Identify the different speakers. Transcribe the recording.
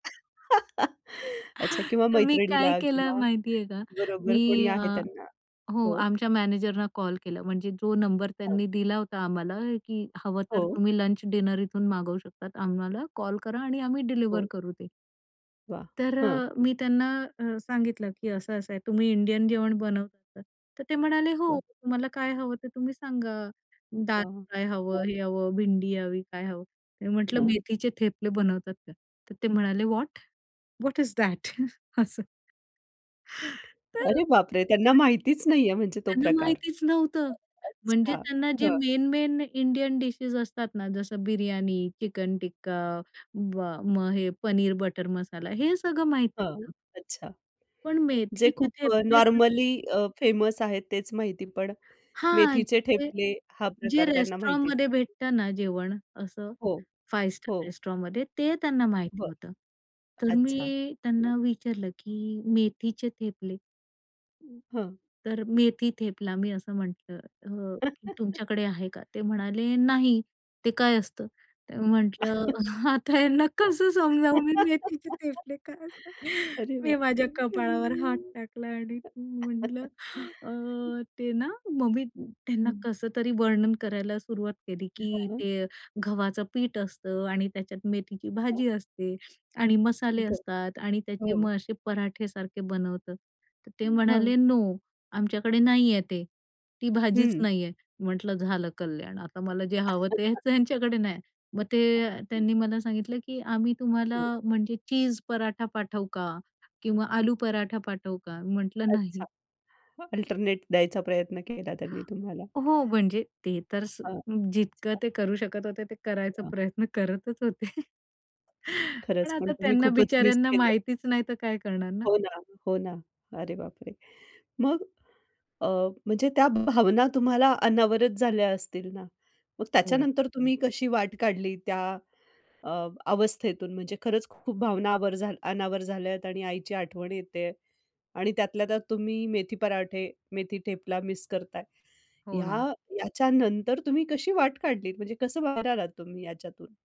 Speaker 1: अच्छा किंवा
Speaker 2: तर मी काय
Speaker 1: मैत्रिणीला
Speaker 2: केलं
Speaker 1: किंवा
Speaker 2: माहिती आहे का
Speaker 1: बरोबर कोणी
Speaker 2: मी अ,
Speaker 1: आहे त्यांना
Speaker 2: हो
Speaker 1: हो.
Speaker 2: आमच्या मॅनेजरना कॉल केला. म्हणजे जो नंबर
Speaker 1: हां.
Speaker 2: त्यांनी दिला होता आम्हाला की हवं तर
Speaker 1: हो.
Speaker 2: तुम्ही लंच डिनर इथून मागवू शकता आम्हाला कॉल करा आणि आम्ही डिलिव्हर
Speaker 1: हो.
Speaker 2: करू ते.
Speaker 1: वाह!
Speaker 2: तर
Speaker 1: हं.
Speaker 2: अ, मी त्यांना अ, सांगितलं की असं-असं आहे. तुम्ही इंडियन जेवण बनवतात तर ते म्हणाले हो
Speaker 1: वाह!
Speaker 2: तुम्हाला काय हवं ते तुम्ही सांगा, दाल
Speaker 1: वाह!
Speaker 2: फ्राय हवं?
Speaker 1: हां.
Speaker 2: हे हवं, भिंडी हवी काय हवं? मी म्हंटलं
Speaker 1: हां.
Speaker 2: मेथीचे थेपले बनवतात का? तर ते म्हणाले व्हॉट? What is that? तर.
Speaker 1: अरे बापरे! त्यांना
Speaker 2: [unintelligible]
Speaker 1: माहितीच नाहीये म्हणजे तो
Speaker 2: त्यांना
Speaker 1: प्रकार.
Speaker 2: माहितीच नव्हतं म्हणजे
Speaker 1: अच्छा
Speaker 2: त्यांना जे
Speaker 1: हं.
Speaker 2: मेन मेन इंडियन डिशेस असतात ना जसं बिर्याणी, चिकन टिक्का, म मग हे पनीर बटर मसाला हे सगळं माहीती
Speaker 1: हां.
Speaker 2: होतं.
Speaker 1: अच्छा.
Speaker 2: पण
Speaker 1: जे
Speaker 2: मेथीचे
Speaker 1: खूप अ,
Speaker 2: थेपले कसं
Speaker 1: नॉर्मली अ, फेमस आहेत तेच माहिती पण
Speaker 2: हां.
Speaker 1: मेथीचे
Speaker 2: जे
Speaker 1: ठेपले हा
Speaker 2: जे
Speaker 1: प्रकार त्यांना माहितीच
Speaker 2: रेस्टॉरंटमध्ये भेटतं ना जेवण असं
Speaker 1: हो,
Speaker 2: फाइव्ह स्टार
Speaker 1: हो.
Speaker 2: रेस्टॉरंटमध्ये ते त्यांना माहिती
Speaker 1: बरं.
Speaker 2: होतं. तर
Speaker 1: अच्छा
Speaker 2: मी
Speaker 1: हं.
Speaker 2: त्यांना विचारलं की मेथीचे थेपले
Speaker 1: हां.
Speaker 2: तर मेथी थेपला मी असं म्हटलं अ, "तुमच्याकडे आहे का? ते म्हणाले नाही ते काय असतं?" तर म्हंटलं आता ह्यांना कसं समजावू मी मेथीचे थेपले काय असतात?
Speaker 1: अरे
Speaker 2: मी
Speaker 1: बापरे!
Speaker 2: माझ्या कपाळावर हात
Speaker 1: हं.
Speaker 2: टाकला आणि म्हटलं अ, ते ना मग मी त्यांना
Speaker 1: हं.
Speaker 2: कसं तरी वर्णन करायला सुरुवात केली की
Speaker 1: [unintelligible]
Speaker 2: ते गव्हाचं पीठ असतं आणि त्याच्यात मेथीची
Speaker 1: हं.
Speaker 2: भाजी असते आणि मसाले
Speaker 1: बरं.
Speaker 2: असतात आणि त्याचे
Speaker 1: हो.
Speaker 2: मग असे पराठे सारखे बनवतात. तर ते
Speaker 1: हं.
Speaker 2: म्हणाले नो आमच्याकडे नाहीये ते ती भाजीच
Speaker 1: हं.
Speaker 2: नाहीये म्हटलं झालं कल्याण आता मला जे हवं ते त्यांच्याकडे नाही. मग ते
Speaker 1: हं.
Speaker 2: त्यांनी मला सांगितलं की "आम्ही तुम्हाला
Speaker 1: हं.
Speaker 2: म्हणजे चीज पराठा पाठवू का? किंवा
Speaker 1: हं.
Speaker 2: आलू पराठा पाठवू का?" म्हंटलं नाही.
Speaker 1: अच्छा अल्टरनेट द्यायचा प्रयत्न केला त्यांनी तुम्हाला.
Speaker 2: हो म्हणजे ते तर स
Speaker 1: अच्छा.
Speaker 2: जितकं ते करू शकत होते ते करायचा
Speaker 1: हं.
Speaker 2: प्रयत्न करतच होते. पण
Speaker 1: खरंच पण
Speaker 2: आता
Speaker 1: तुम्ही
Speaker 2: त्यांना
Speaker 1: खूपच मिस
Speaker 2: बिचाऱ्यांना
Speaker 1: केलं.
Speaker 2: माहितीच नाही तर काय करणार ना.
Speaker 1: हो ना. हो ना. अरे बापरे! मग? अ, म्हणजे त्या भावना तुम्हाला अनावरत झाल्या असतील ना. मग
Speaker 2: हो.
Speaker 1: त्याच्यानंतर तुम्ही कशी वाट काढली? त्या अ, अवस्थेतून म्हणजे खरंच खूप भावना आवर अनावर झाल्यात आणि आईची आठवण येते आणि त्यातल्या त्यात तुम्ही मेथी पराठे, मेथी टेपला मिस करताय.
Speaker 2: हो ना.
Speaker 1: ह्या याच्यानंतर तुम्ही कशी वाट काढलीत म्हणजे कसं बाहेर आलात तुम्ही याच्यातून?